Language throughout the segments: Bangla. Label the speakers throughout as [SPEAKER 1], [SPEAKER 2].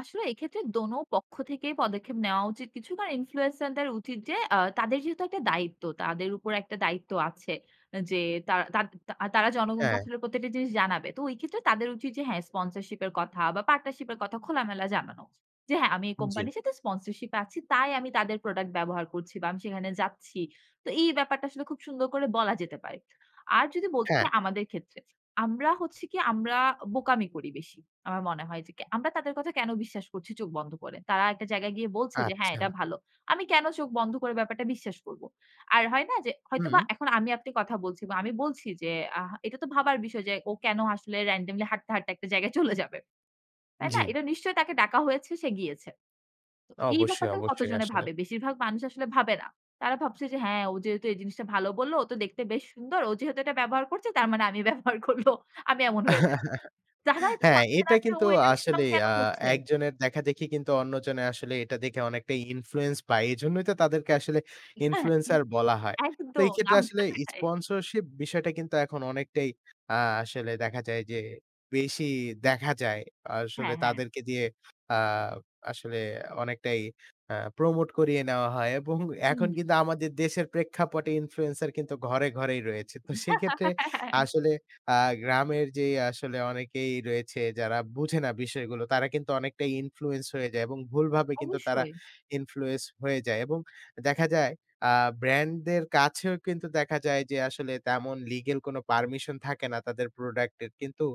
[SPEAKER 1] আসলে এক্ষেত্রে দোনো পক্ষ থেকেই পদক্ষেপ নেওয়া উচিত। কিছুটা ইনফ্লুয়েন্সার দের উচিত যে আ তাদের যেহেতু একটা দায়িত্ব তাদের উপর একটা দায়িত্ব আছে। যে তারা তা তা তারা
[SPEAKER 2] হ্যাঁ।
[SPEAKER 1] জনগণকে প্রতিটা জিনিস জানাবে। তো ঐ ক্ষেত্রে তাদের উচিত যে হ্যাঁ স্পন্সরশিপ এর কথা বা পার্টনারশিপ এর কথা খোলামেলা জানানো। যে হ্যাঁ আমি এই
[SPEAKER 2] জি।
[SPEAKER 1] কোম্পানির সাথে স্পন্সরশিপ এ আছি। তাই আমি তাদের প্রোডাক্ট ব্যবহার করছি বা আমি সেখানে যাচ্ছি। তো এই ব্যাপারটা খুব সুন্দর করে বলা যেতে পারে। আর যদি বলতে
[SPEAKER 2] হ্যাঁ।
[SPEAKER 1] চাই আমাদের ক্ষেত্রে। আমরা হচ্ছি কি আমরা বোকামি করি বেশি। আমার মনে হয় যে কে আমরা তাদের কথা কেন বিশ্বাস করছি চোখ বন্ধ করে। তারা একটা জায়গায় গিয়ে বলছে যে হ্যাঁ
[SPEAKER 2] আচ্ছা।
[SPEAKER 1] এটা ভালো। আমি কেন চোখ বন্ধ করে ব্যাপারটা বিশ্বাস করব। আর হয় না যে হয়তোবা
[SPEAKER 2] হুম।
[SPEAKER 1] এখন আমি আপনি কথা বলছি বা আমি বলছি যে আ এটা তো ভাবার বিষয় যে ও কেন আসলে র‍্যান্ডমলি হাঁটতে হাঁটতে একটা জায়গায় চলে যাবে। তাই না?
[SPEAKER 2] জি।
[SPEAKER 1] এটা নিশ্চয়ই তাকে ডাকা হয়েছে সে গিয়েছে। তো এই
[SPEAKER 2] অবশ্যই,
[SPEAKER 1] ব্যাপারটাও
[SPEAKER 2] অবশ্যই।
[SPEAKER 1] কতজনে
[SPEAKER 2] আসলে।
[SPEAKER 1] ভাবে। বেশিরভাগ মানুষ আসলে ভাবে না। তারা ভাবছে যে হ্যাঁ ও যেহেতু এই জিনিসটা ভালো বলল ও তো দেখতে বেশ সুন্দর। ও যেহেতু এটা ব্যবহার করছে তার মানে আমি ব্যবহার করব। আমি এমন হয়ে যাই। যারা এটা
[SPEAKER 2] হ্যাঁ।
[SPEAKER 1] ভাবছে না
[SPEAKER 2] এটা
[SPEAKER 1] যে
[SPEAKER 2] কিন্তু
[SPEAKER 1] ও এটা
[SPEAKER 2] আসলে
[SPEAKER 1] সুনাম কেন
[SPEAKER 2] আ
[SPEAKER 1] করছে?
[SPEAKER 2] একজনের দেখাদেখি কিন্তু অন্যজনে আসলে এটা দেখে অনেকটাই ইনফ্লুয়েন্স পায়। এজন্যই তো তাদেরকে আসলে
[SPEAKER 1] এটা এ
[SPEAKER 2] ইনফ্লুয়েন্সার বলা হয়। তো
[SPEAKER 1] একদম
[SPEAKER 2] এই ক্ষেত্রে
[SPEAKER 1] নাম
[SPEAKER 2] আসলে
[SPEAKER 1] [unintelligible] খাই।
[SPEAKER 2] স্পন্সরশিপ বিষয়টা কিন্তু এখন অনেকটাই আ আসলে দেখা যায় যে বেশি দেখা যায়। আসলে
[SPEAKER 1] হ্যাঁ, হ্যাঁ।
[SPEAKER 2] তাদেরকে দিয়ে আ আসলে অনেকটাই আ প্রমোট করিয়ে নেওয়া হয়। এবং এখন
[SPEAKER 1] হুম।
[SPEAKER 2] কিন্তু আমাদের দেশের প্রেক্ষাপটে ইনফ্লুয়েন্সার কিন্তু ঘরে ঘরেই রয়েছে। তো সেইক্ষেত্রে
[SPEAKER 1] হ্যাঁ, হ্যাঁ, হ্যাঁ।
[SPEAKER 2] আসলে আ গ্রামের যে আসলে অনেকেই রয়েছে যারা বুঝে না বিষয়গুলো তারা কিন্তু অনেকটাই ইনফ্লুয়েন্স হয়ে যায় এবং ভুলভাবে কিন্তু তারা
[SPEAKER 1] অবশ্যই।
[SPEAKER 2] ইনফ্লুয়েন্স হয়ে যায়। এবং দেখা যায় আ ব্র্যান্ড দের কাছেও কিন্তু দেখা যায় যে আসলে তেমন লিগ্যাল কোনো পারমিশন থাকে না তাদের প্রোডাক্টের। কিন্তু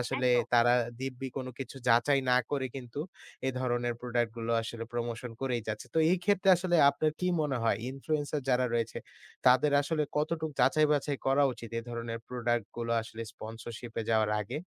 [SPEAKER 2] আসলে
[SPEAKER 1] একদম।
[SPEAKER 2] তারা দিব্যি কোন কিছু যাচাই না করে কিন্তু এ ধরনের প্রোডাক্ট গুলো আসলে প্রমোশন করেই যাচ্ছে। তো এই ক্ষেত্রে আসলে আপনার কি মনে হয় ইনফ্লুয়েন্সার যারা রয়েছে তাদের আসলে কতটুকু যাচাই বাছাই করা উচিত এ ধরনের প্রোডাক্ট গুলো আসলে স্পন্সরশিপ এ যাওয়ার আগে?